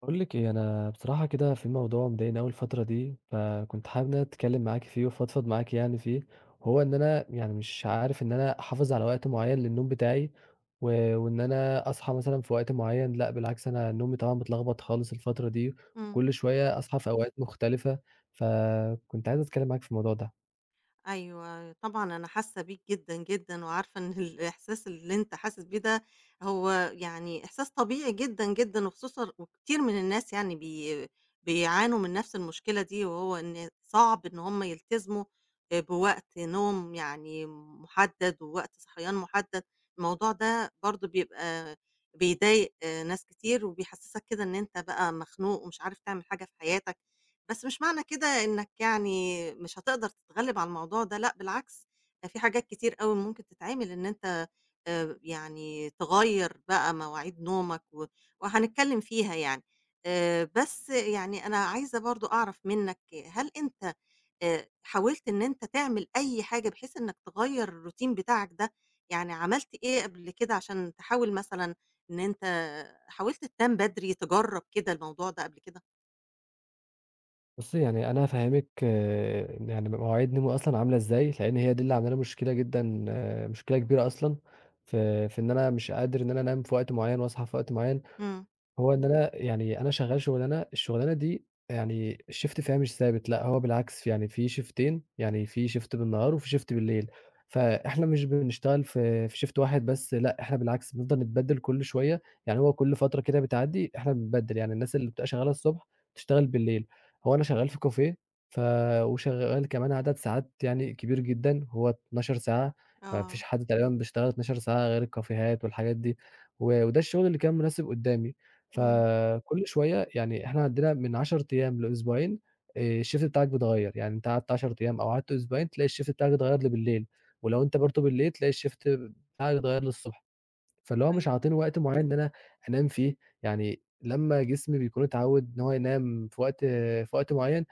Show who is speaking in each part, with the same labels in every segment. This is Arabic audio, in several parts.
Speaker 1: باقول لِك إيه، أنا بصراحة كده في موضوع مضايقني أوي الفترة دي، فكنت حابب إن أنا أتكلِّم معاكِ فيه وأفضفض معاكِ يعني فيه، هو إن أنا يعني مش عارف إن أنا أحافظ على وقت معيّن للنوم بتاعي، و وإن أنا أصحى مثلًا في وقت معيّن لأ، بالعكس أنا نومي طبعًا متلخبط خالص الفترة دي،
Speaker 2: إمم.
Speaker 1: كل شوية أصحى في أوقات مختلفة، فكنت عايز أتكلّم معاكِ في الموضوع ده.
Speaker 2: أيوه طبعًا أنا حاسّة بيك جدًا، جدًا، وعارفة إن الإحساس اللي أنت حاسس بيه ده هو يعني إحساس طبيعي جدًا، جدًا، وخصوصًا وكتير من الناس يعني بي بيعانوا من نفس المشكلة دي وهو إن صعب إن هُم يلتزموا، آآ، بوقت نوم، يعني، محدد ووقت صحيان محدد. الموضوع ده برضه بيبقى بيضايق ناس كتير، وبيحسسك كده إن أنت بقى مخنوق ومش عارف تعمل حاجة في حياتَك، بس مش معنى كده إنَّك، يعني مش هتقدر تتغلب على الموضوع ده. لأ، بالعكس ده فيه حاجات كتير أوي ممكن تتعمل إن أنت، آآ، يعني، تغيّر بقى مواعيد نومَك و وهنتكلم فيها يعني. آآ، بس، يعني، أنا عايزة برضه أعرف منَّك، هل أنت، آآ، حاولت إن أنت تعمل أي حاجة بحيث إنَّك تغيّر الroutine بتاعَك ده؟ يعني عملت إيه قبل كده علشان تحاول مثلًا إن أنت حاولت تنام بدري، تجرَّب كده الموضوع ده قبل كده؟
Speaker 1: بُصّي، يعني أنا هافهّمِك يعني مواعيد نومي أصلًا عاملة إزاي، لإن هي دي اللي عامله لي مشكلة جدًا، مشكلة كبيرة أصلًا، في في إن أنا مش قادر إن أنا أنام في وقت معيّن وأصحى في وقت معيّن.
Speaker 2: إمم.
Speaker 1: هو إن أنا يعني أنا شغّال شُغلانة، الشُغلانة دي يعني الShift فيها مش ثابت، لأ، هو بالعكس، يعني في شيفتين، يعني في Shift بالنهار وفي Shift بالليل، فإحنا مش بنشتغل في في Shift واحد بس لأ، إحنا بالعكس بنفضل نتبدِّل كل شوية، يعني هو كل فترة كده بتعدّي إحنا بنتبدِّل، يعني الناس اللي بتبقى شغّالة الصبح تشتغل بالليل. هو أنا شغّال في كافيه، ف وشغّال كمان عدد ساعات يعني كبير جدًا هو 12 ساعة، ما فيش
Speaker 2: آه.
Speaker 1: حد تقريبًا بيشتغل 12 ساعة غير الكافيهات والحاجات دي و وده الشُغل اللي كان مناسب قُدّامي.
Speaker 2: إمم.
Speaker 1: فكل شوية يعني إحنا عندنا من 10 أيام لأسبوعين آآ الShift بتاعك بيتغيّر، يعني أنت قعدت 10 أيام أو قعدت أسبوعين، تلاقي الShift بتاعك اتغيّر لي بالليل ولو أنت برضه بالليل تلاقي الShift بتاعك اتغيّر لي الصبح. فاللي هو مش
Speaker 2: أيوه.
Speaker 1: عاطيني وقت معيّن إن أنا أنام فيه، يعني لمّا جسمي بيكون اتعوِّد إن هو ينام في وقت في وقت معيّن،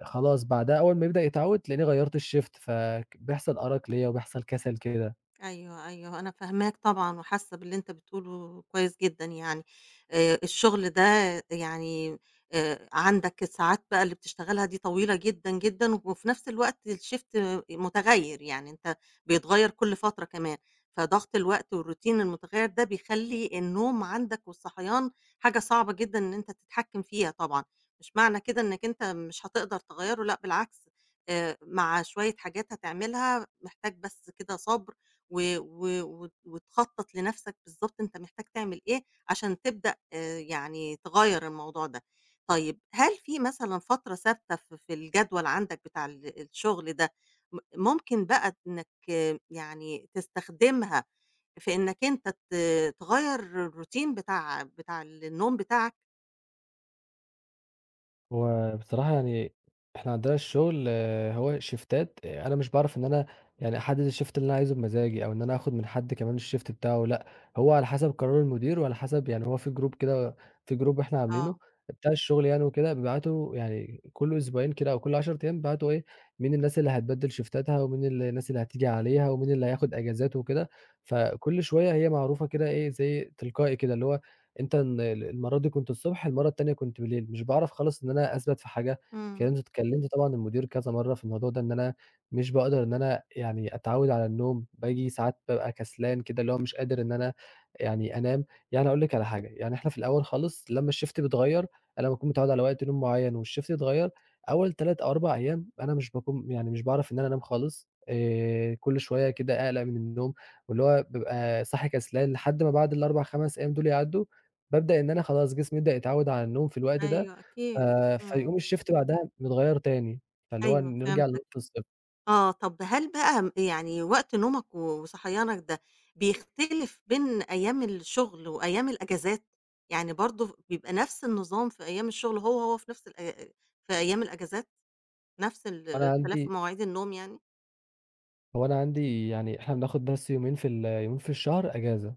Speaker 1: آآ خلاص بعدها أول ما يبدأ يتعوِّد، تلاقيني غيّرت الShift، فك بيحصل أرَق ليّا وبيحصل كَسَل كده.
Speaker 2: أيوه، أيوه. أنا فاهماك طبعًا وحاسّة باللي أنت بتقوله كويس جدًا يعني. آآ، الشُغل ده يعني آآ عندك الساعات بقى اللي بتشتغلها دي طويلة جدًا، جدًا وفي نَفْس الوقت الshift مُتغيّر، يعني أنت بيتغيّر كل فترة كمان، فضَغْط الوقت والroutine المتغيّر ده بيخلّي النوم عندك والصحيان حاجة صعبة جدًا إن أنت تتحكِّم فيها طبعًا. مش معنى كده إنّك أنت مش هتقدر تغيّره لأ بالعكس، آآ مع شوية حاجات هتعملها، محتاج بس كده صَبْر و و وت وتخطَّط لنَفْسك بالضبط أنت محتاج تعمل إيه عشان تبدأ يعني تغيّر الموضوع ده. طيب، هل في مثلًا فترة ثابتة ف في الجدول عندك بتاع ال الشُغل ده، م ممكن بقى إنّك يعني تستخدمها في إنّك أنت ت تغيّر الroutine بتاع بتاع النوم بتاعك؟
Speaker 1: هو بصراحة يعني، إحنا عندنا الشغل هو شيفتات أنا مش باعرف إن أنا يعني أحدد الshift اللي أنا عايزه بمزاجي، أو إن أنا آخد من حد كمان الshift بتاعه، لأ، هو على حسب قرار المدير، وعلى حسب يعني هو في Group كده في Group إحنا عاملينه
Speaker 2: آه.
Speaker 1: بتاع الشغل يعني وكده، بيبعتوا يعني كل أسبوعين كده، أو كل 10 أيام بيبعتوا إيه، مين الناس اللي هتبدل شيفتاتها ومين الناس اللي هتيجي عليها، ومين اللي هياخد أجازات وكده. فكلّ شوية هي معروفة كده إيه، زَي تلقائي كده، اللي هو أنت ال المرّة دي كنت الصبح، المرّة التانية كنت بليل، مش باعرف خالص إن أنا أثبَت في حاجة.
Speaker 2: إمم.
Speaker 1: كنت اتكلمت طبعًا المدير كذا مرّة في الموضوع ده، إن أنا مش باقدر إن أنا يعني أتعوّد على النوم، باجي ساعات بابقى كسلان كده، اللي هو مش قادر إن أنا يعني أنام. يعني أقول لِك على حاجة، يعني إحنا في الأول خالص لمّا الshift بيتغير، أنا باكون متعوّد على وقت نوم مُعيّن والshift يتغيّر، أول 3 أو 4 أيام أنا مش باكون يعني مش باعرف إن أنا أنام خالص، آآ كلّ شوية كده أقلَق من النوم، واللي هو بابقى صاحي كسلان، لحد ما بعد ال4، 5 أيام دول يعدّوا، بابدأ إن أنا خلاص جسمي يبدأ يتعوّد على النوم في الوقت ده،
Speaker 2: أيوه،
Speaker 1: ف
Speaker 2: أكيد، إمم.
Speaker 1: فيقوم الshift بعدها يتغير تاني، فاللي هو
Speaker 2: أيوه،
Speaker 1: نرجع لنقطة
Speaker 2: فهمتك.
Speaker 1: الصفر.
Speaker 2: آه، طب هل بقى م يعني وقت نومك، وصحيانك، ده بيختلف بين أيام الشغل، وأيام الأجازات؟ يعني برضه بيبقى نفس النظام في أيام الشغل، هو، هو في نفس الأي أي في أيام الأجازات؟ نفس
Speaker 1: فأنا
Speaker 2: الاختلاف في
Speaker 1: عندي
Speaker 2: مواعيد النوم يعني؟
Speaker 1: هو أنا عندي يعني إحنا بناخد بس يومين في ال يومين في الشهر اجازة.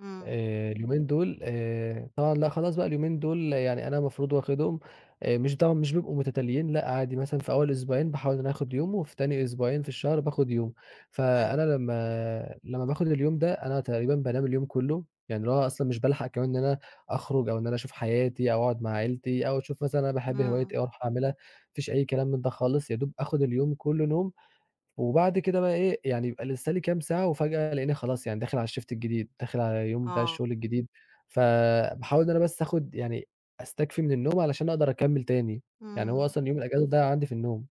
Speaker 2: إمم.
Speaker 1: آآ، اليومين دول، آآ طبعًا لأ خلاص بقى اليومين دول يعني أنا المفروض واخدهم، آآ، مش طبعًا مش بيبقوا متتاليين، لأ، عادي مثلًا في أول أسبوعين باحاول إن أنا آخد يوم، وفي تاني أسبوعين في الشهر باخد يوم،
Speaker 2: حلو.
Speaker 1: فأنا لمّا لمّا باخد اليوم ده أنا تقريبًا بانام اليوم كله، يعني اللي هو أصلًا مش بالحق كمان إن أنا أخرج، أو إن أنا أشوف حياتي أو أقعد مع عيلتي أو أشوف مثلًا أنا باحب هواية
Speaker 2: إمم.
Speaker 1: إيه وأروح عاملها، مفيش أي كلام من ده خالص، يا دوب آخد اليوم كله نوم وبعد كده بقى إيه، يعني يبقى لسّه لي كام ساعة وفجأة ألاقيني خلاص يعني داخل على الShift الجديد، داخل على اليوم بتاع
Speaker 2: آه.
Speaker 1: الشغل الجديد. فباحاول إن أنا بس آخد يعني أستكفي من النوم علشان أقدر أكمّل تاني، يعني هو
Speaker 2: إمم.
Speaker 1: أصلًا يوم الأجازة ضايع عندي في النوم.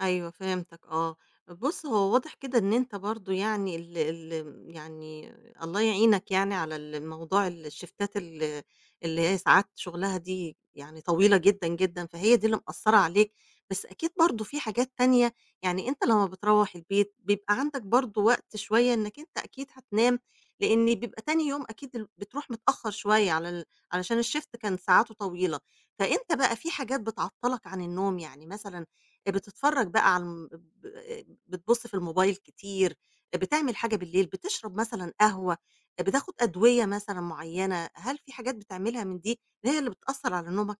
Speaker 2: أيوة، فهمتَك، آه. بُص، هو واضح كده إن أنت برضه يعني، ال ال يعني، الله يعينك يعني على ال موضوع الـشيفتات ال اللي هي ساعات شغلها دي يعني طويلة جدًا جدًا، فهي دي اللي مأثّرة عليك بس أكيد برضه فيه حاجات تانية يعني، أنت لمّا بتروّح البيت بيبقى عندَك برضه وقت شوية إنَّك أنت أكيد هتنام، لإن بيبقى تاني يوم أكيد ال بتروح متأخّر شوية على ال علشان الshift كان ساعاته طويلة، فأنت بقى فيه حاجات بتعطلَك عن النوم يعني مثلًا، آآ، بتتفرج بقى على ال آآ بتبُص في الموبايل كتير، آآ، بتعمل حاجة بالليل، بتشرب مثلًا قهوة، آآ، بتاخد أدوية مثلًا معيّنة، هل فيه حاجات بتعملها من دي اللي هي اللي بتأثّر على نومَك؟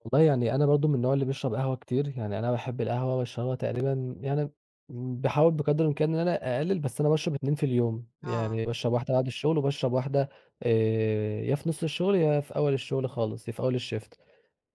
Speaker 1: والله يعني أنا برضه من النوع اللي بيشرب قهوة كتير، يعني أنا باحب القهوة وباشربها تقريبًا يعني باحاول بقدر الإمكان إن أنا أقلِّل بس أنا باشرب 2 في اليوم،
Speaker 2: آه.
Speaker 1: يعني باشرب واحدة بعد الشُغل وباشرب واحدة آآ يا في نُص الشُغل، يا في أول الشُغل خالص، يا في أول الshift.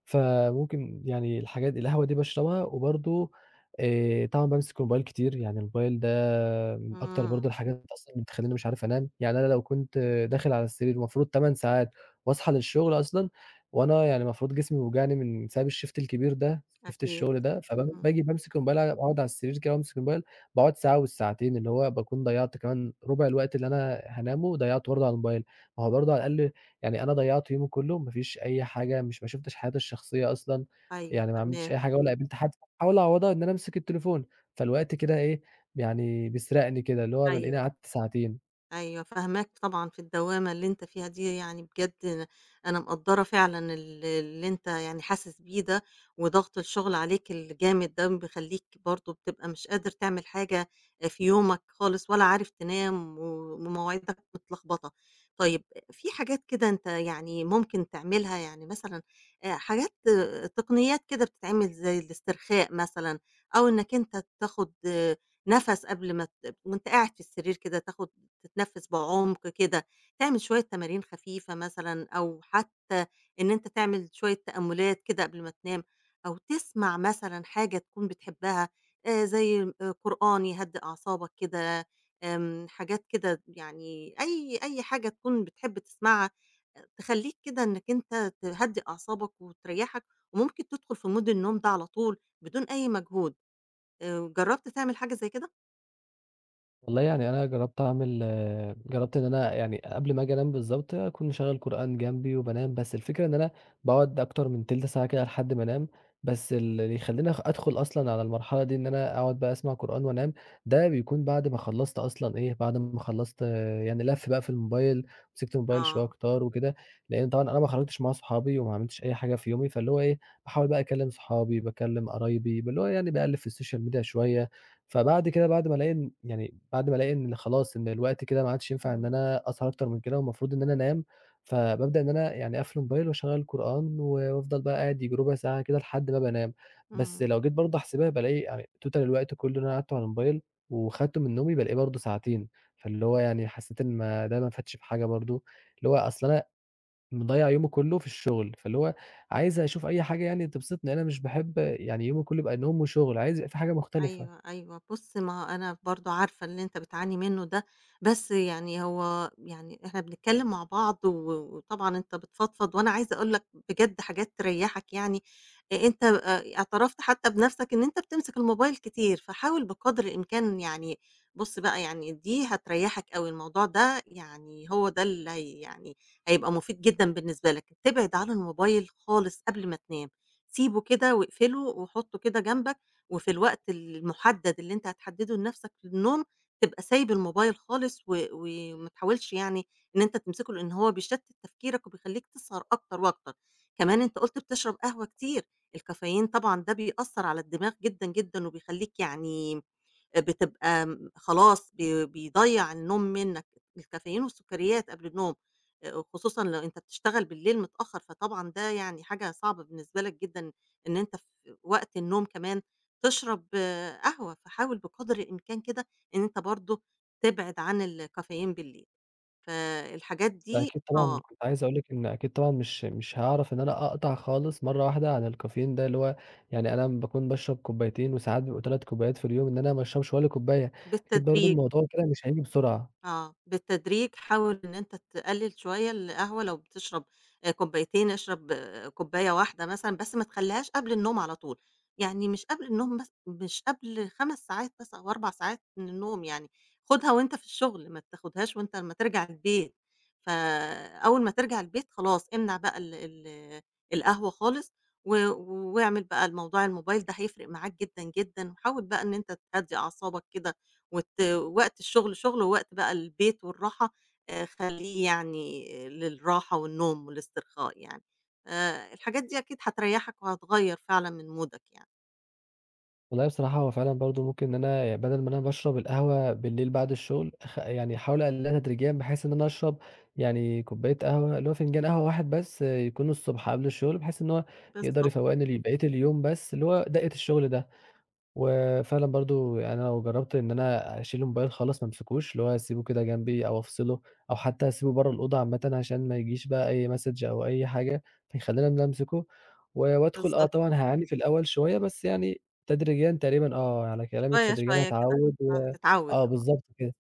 Speaker 1: فممكن يعني الحاجات القهوة دي باشربها وبرضه آآ طبعًا بامسك الmobile كتير، يعني الmobile ده من أكتر
Speaker 2: إمم.
Speaker 1: برضه الحاجات أصلًا اللي بتخلّيني مش عارف أنام. يعني أنا لو كنت داخل على السرير المفروض 8 ساعات وأصحى للشُغل أصلًا وأنا يعني المفروض جسمي بيوجعني من بسبب الshift الكبير ده، shift
Speaker 2: أكيد.
Speaker 1: الشُغل ده، فب
Speaker 2: إمم.
Speaker 1: باجي بامسك الmobile أع أقعُد على السرير كده وامسك الmobile، باقعُد ساعة أو الساعتين، اللي هو باكون ضيّعت كمان رُبع الوقت اللي أنا هانامه وضيّعته برضه على الmobile. ما هو برضه على الأقل يعني أنا ضيّعت يومي كُلّه، ما فيش أي حاجة مش ما شُفتش حياتي الشخصية أصلًا،
Speaker 2: أيوه
Speaker 1: يعني ما عملتش
Speaker 2: فاهماك.
Speaker 1: أي حاجة ولا قابلت حد. أحاول أعوَّضها إن أنا أمسك التليفون، فالوقت كده إيه، يعني بيسرقني كده، اللي هو بالاقيني
Speaker 2: أيوه.
Speaker 1: قعدت ساعتين.
Speaker 2: أيوه، فاهماك طبعًا في الدوّامة اللي أنت فيها دي، يعني بجد أنا مقدّرة فعلًا ال اللي أنت يعني حاسس بيه ده وضَغْط الشُغل عليك الجامد ده بيخلّيك برضه بتبقى مش قادر تعمل حاجة آآ في يومك خالص ولا عارف تنام و ومواعيدك متلخبطة. طيب، في حاجات كده أنت يعني ممكن تعملها، يعني مثلًا آآ حاجات تقنيّات كده بتتعمل زي الاسترخاء مثلًا أو إنَّك أنت تاخُد نَفَس قبل ما ت وأنت قاعد في السرير كده تاخُد تتنَفِّس بعُمْق كده، تعمل شوية تمارين خفيفة مثلًا أو حتّى إن أنت تعمل شوية تأمُّلات كده قبل ما تنام أو تسمع مثلًا حاجة تكون بتحبّها آآ زي آآ قرآن يهدّي أعصابك كده، آمم حاجات كده يعني أي أي حاجة تكون بتحب تسمعها آآ تخلّيك كده إنَّك أنت تهدّي أعصابك وتريّحك وممكن تدخُل في mood النوم ده على طول بدون أي مجهود، آآ جرّبت تعمل حاجة زي كده؟
Speaker 1: والله يعني أنا جرّبت أعمل جرّبت إن أنا يعني قبل ما آجي أنام بالضبط أكون مشغّل قرآن جنبي وبانام، بس الفكرة إن أنا باقعُد أكتر من تِلْت ساعة كده لحد ما أنام. بس ال اللي يخلّيني أخ أدخُل أصلًا على المرحلة دي إن أنا أقعُد بقى أسمع قرآن وأنام، ده بيكون بعد ما خلّصت أصلًا إيه، بعد ما خلّصت يعني لَف بقى في الmobile، مسكت الmobile شوية
Speaker 2: آه.
Speaker 1: كتار وكده، لإن طبعًا أنا ما خرجتش مع صحابي وما عملتش أي حاجة في يومي، فاللي هو إيه، باحاول بقى أكلِّم صحابي، باكلِّم قرايبي، باللي هو يعني باقلِّب في الsocial media شوية. فبعد كده بعد ما ألاقي إن يعني بعد ما ألاقي إن خلاص إن الوقت كده ما عادش ينفع إن
Speaker 2: إمم.
Speaker 1: أنا أسهر أكتر من كده والمفروض إن أنا أنام، فبابدأ إن أنا يعني أقفل الmobile وأشغّل القرآن و وأفضل بقى قاعد ييجي رُبع ساعة كده لحد ما بقى أنام. بس
Speaker 2: إمم.
Speaker 1: لو جيت برضه أحسبها بالاقي آآ total الوقت كُلّه اللي أنا قعدته على الmobile وخدته من نومي، بالاقيه برضه ساعتين، فاللي هو يعني حسّيت إن ما ده ما فادش بحاجة برضه. اللي هو أصل أنا مضيّع يومي كُلّه في الشُغل، فاللي هو عايز أشوف أي حاجة يعني تبسطني، أنا مش باحب يعني يومي كُلّه يبقى نوم وشُغل، عايز يبقى فيه حاجة مختلفة.
Speaker 2: أيوه، أيوه. بُص، ما هو أنا برضه عارفة اللي أنت بتعاني منّه ده، بس يعني هو يعني إحنا بنتكلِّم مع بعض و وطبعًا أنت بتفضفض وأنا عايزة أقول لك بجد حاجات تريّحك يعني. آآ أنت آآ اعترفت حتّى بنَفْسك إن أنت بتمسك الmobile كتير، فحاول بقدر الإمكان يعني بُص بقى يعني دي هتريحّك أوي، الموضوع ده يعني هو ده اللي هي يعني هيبقى مُفيد جدًا بالنسبة لك. تبعد عن الmobile خالص قبل ما تنام، سيبه كده واقفله وحُطّه كده جنبك وفي الوقت المُحدَّد اللي أنت هتحدِّده لنَفْسك للنوم تبقى سايب الmobile خالص و وما تحاولش يعني إن أنت تمسكه، لإن هو بيشتِّت تفكيرك وبيخلّيك تسهر أكتر وأكتر. كمان أنت قُلت بتشرب قهوة كتير، الcaffeine طبعًا ده بيأثّر على الدماغ جدًا، جدًا وبيخلّيك يعني آآ بتبقى م خلاص بي بيضيّع النوم منّك، الcaffeine والسُكّريات قبل النوم آآ وخصوصًا لو أنت بتشتغل بالليل متأخّر، فطبعًا ده يعني حاجة صعبة بالنسبة لك جدًا إن أنت في وقت النوم كمان تشرب قهوة، فحاول بقدر الإمكان كده إن أنت برضه تبعد عن الcaffeine بالليل. فالحاجات دي
Speaker 1: أكيد طبعًا
Speaker 2: آه.
Speaker 1: كنت عايز أقول لِك إن أكيد طبعًا مش مش هاعرف إن أنا أقطع خالص مرّة واحدة عن الcaffeine ده، اللي هو يعني أنا باكون باشرب كوبّايتين وساعات بيبقوا 3 كوبّايات في اليوم، إن أنا ما أشربش ولا كوبّاية، أكيد برضه
Speaker 2: بالتدريج.
Speaker 1: الموضوع كده مش هييجي بسرعة.
Speaker 2: آه، بالتدريج حاول إن أنت تقلِّل شوية القهوة، لو بتشرب آآ كوبّايتين اشرب كوبّاية واحدة مثلًا، بس ما تخلّيهاش قبل النوم على طول. يعني مش قبل النوم مث مش قبل 5 ساعات بس أو 4 ساعات من النوم يعني، خُدها وأنت في الشُغل، ما تاخُدهاش وأنت أمّا ترجع البيت. فأول ما ترجع البيت خلاص امنع بقى ال ال القهوة خالص و واعمل بقى الموضوع الmobile ده هيفرق معاك جدًا، جدًا وحاول بقى إن أنت تهدّي أعصابك كده وت وقت الشُغل شُغل ووقت بقى البيت والراحة آآ خلّيه يعني للراحة والنوم والاسترخاء يعني. آآ الحاجات دي أكيد هتريّحك وهتغيّر فعلًا من مودك يعني.
Speaker 1: والله بصراحة هو فعلًا برضه ممكن إن أنا ي بَدَل ما أنا باشرب القهوة بالليل بعد الشُغل، أخ يعني أحاول أقلِّلها تدريجيًا بحيث إن أنا أشرب يعني كوبّاية قهوة، اللي هو فنجان قهوة واحد بس يكون الصبح قبل الشُغل، بحيث إن هو يقدر
Speaker 2: بالضبط.
Speaker 1: يفوَّقني لبقية اليوم بس اللي هو دَقّة الشُغل ده. وفعلًا برضه يعنى أنا لو جرّبت إن أنا أشيل الmobile خالص ما أمسكوش، اللي هو أسيبه كده جنبي أو أفصله أو حتّى أسيبه برّه الأوضة عامةً عشان ما يجيش بقى أي message أو أي حاجة فيخلّيني إن أنا أمسكه ز وأدخل آه
Speaker 2: بالضبط.
Speaker 1: طبعًا هاعاني في الأول شوية، بس يعني تدريجيًا تقريبًا آه، على كلامِك
Speaker 2: شوية،
Speaker 1: تدريجيًا
Speaker 2: شوية كده
Speaker 1: هاتعوِّد و
Speaker 2: فهتتعوِّد،
Speaker 1: آه
Speaker 2: آه.
Speaker 1: بالضبط كده.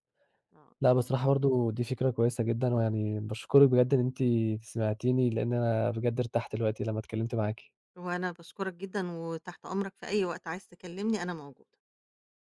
Speaker 2: آه.
Speaker 1: لأ بصراحة برضه دي فكرة كويسة جدًا ويعني باشكرِك بجد إن أنتِ سمعتيني، لإن أنا بجد ارتحت دلوقتي لمّا اتكلِّمت معاكِ.
Speaker 2: وأنا باشكرك جدًا وتحت أمرك في أي وقت، عايز تكلِّمني أنا موجودة.